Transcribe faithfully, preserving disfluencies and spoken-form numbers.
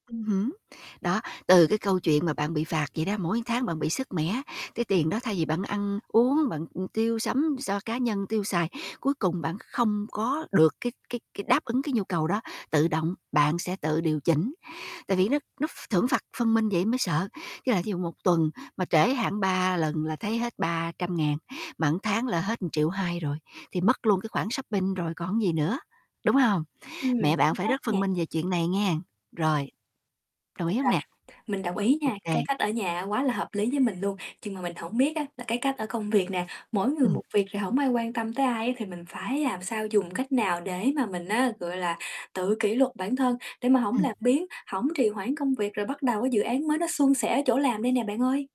Ừm hứm, đó, từ cái câu chuyện mà bạn bị phạt vậy đó, mỗi tháng bạn bị sứt mẻ, cái tiền đó thay vì bạn ăn uống, bạn, ưm, tiêu sắm so cá nhân tiêu xài, cuối cùng bạn không có được cái cái cái đáp ứng cái nhu cầu đó, tự động, bạn sẽ tự điều chỉnh. Tại vì nó nó ph thưởng phạt phân minh vậy mới sợ, với lại ví dụ một tuần mà trễ hạn ba lần là thấy hết ba trăm ngàn, mà tháng là hết một triệu hai rồi thì mất luôn cái khoản shopping rồi còn cái gì nữa, đúng hông? Ừm, Mẹ bạn chính phải xác rất phân nè. minh về chuyện này nghe, rồi. Đồng ý Rồi, hông nè? mình đồng ý Ô nha. Cái kê. cách ở nhà á quá là hợp lý với mình luôn, chưng mà mình hổng biết á là cái cách ở công việc nè, mỗi người Ừm. một việc, rồi hổng ai quan tâm tới ai á thì mình phải làm sao dùng cách nào để mà mình á, gọi là, tự kỷ luật bản thân để mà hổng Ừm. làm biếng, hổng trì hoãn công việc, rồi bắt đầu cái dự án mới nó suôn sẻ ở chỗ làm đây nè bạn ơi?